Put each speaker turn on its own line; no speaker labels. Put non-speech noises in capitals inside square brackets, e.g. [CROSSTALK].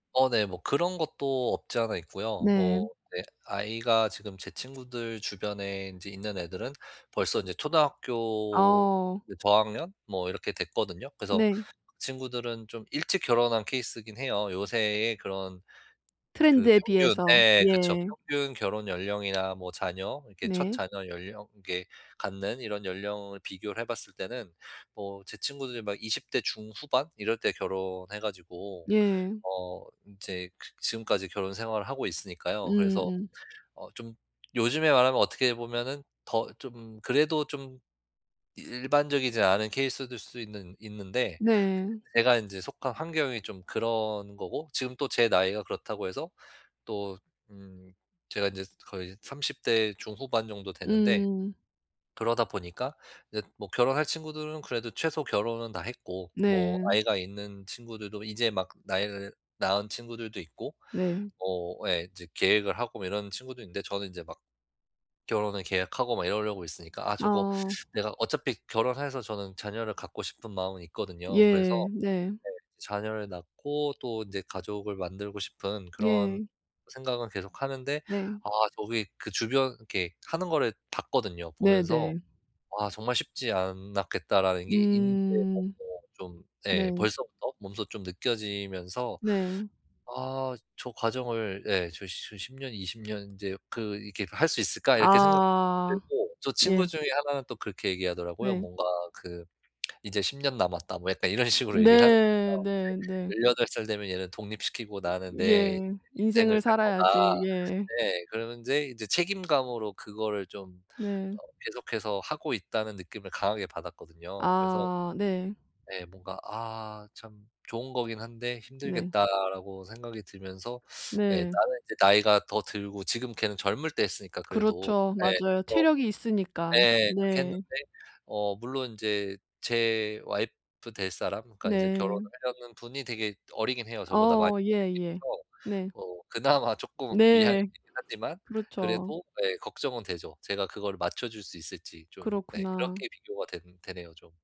어, 네. 뭐 그런 것도 없지 않아 있고요.
네.
뭐 네. 아이가 지금 제 친구들 주변에 인제 있는 애들은 벌써 인제 초등학교
어.
네, 저학년? 뭐 이렇게 됐거든요. 그래서
네.
친구들은 좀 일찍 결혼한 케이스이긴 해요. 요새에 그런 그
트렌드에
평균 예,
비해서.
예. 그쵸.
예.
평균 결혼 연령이나 뭐 자녀, 이렇게 첫
네.
자녀 연령 이렇게 갖는 이런 연령을 비교를 해 봤을 때는 뭐 제 친구들이 막 20 대 중후반 이럴 때 결혼해 가지고
예.
어 이제 그 지금까지 결혼 생활을 하고 있으니까요. 그래서
음음.
어 좀 요즘에 말하면 어떻게 보면은 더 좀 그래도 좀 이 일반적이지 않은 케이스들 수 있는 있는데.
네.
근데 제가 이제 속한 환경이 좀 그런 거고. 지금 또 제 나이가 그렇다고 해서 또 음. 제가 인제 거의 30 대 중후반 정도 되는데
음.
그러다 보니까 이제 뭐 결혼할 친구들은 그래도 최소 결혼은 다 했고 뭐
네.
아이가 있는 친구들도 이제 막 나일 낳은 친구들도 있고.
네.
뭐 예. 이제 계획을 하고 뭐 이런 친구도 있는데 저는 이제 막 결혼을 계획하고 막 이러려고 있으니까 '아. 저거
어.
[SUCKS TEETH] 내가' 어차피 결혼해서 저는 자녀를 갖고 싶은 마음은 있거든요. 그래서
예, 네.
네. 자녀를 낳고 또 인제 가족을 만들고 싶은 그런
예.
생각은 계속 하는데.
네.
아. 저기 그 주변 이렇게 하는 거를 봤거든요. 보면서
네네.
'아. 정말 쉽지 않았겠다.' 라는 게 인지
음.
[UNINTELLIGIBLE] 좀 예.
네.
벌써부터 몸소 좀 느껴지면서
네.
'아. 저 과정을' 예. '저 저 10 년, 20 년 인제 그 이렇게 할 수 있을까?' 이렇게 생각도
아
들고 저
예.
친구 중에 하나는 또 그렇게 얘기하더라고요.
네.
뭔가 그 [SMACKS LIPS] "이제 10 년 남았다." 뭐 약간 이런 식으로 얘기를 하는
네.
거예요.
네네.
이제 "18 살 되면 얘는 독립시키고 나는
예,
내 인생을
인생을
살 거다."
살아야지. 예.
네. 그러는데 이제 책임감으로 그거를 좀
네.
어 계속해서 하고 있다는 느낌을 강하게 받았거든요. 그래서
아 네.
네. 뭔가 '아. 참 좋은 거긴 한데
네.
힘들겠다.'라고 생각이 들면서 [SUCKS TEETH] 예.
네.
나는 인제 나이가 더 들고 지금 걔는 젊을 때 했으니까 그래도
그렇죠.
예. 좀
맞아요.
더
체력이 있으니깐.
예. 그렇게
네.
했는데. 어, 물론 인제 제 와이프 될 사람 그러니까 이제 결혼을
네.
하려는 분이 되게 어리긴 해요, 저보다 많이
어
어리긴
예예.
해서.
네.
어. 그나마 조금 미안하긴
네.
하지만
그렇죠.
그래도. 예. 걱정은 되죠. 제가 그거를 맞춰 줄 수 있을지 좀. 네.
그렇구나.
그렇게 비교가 되는 되네요 좀.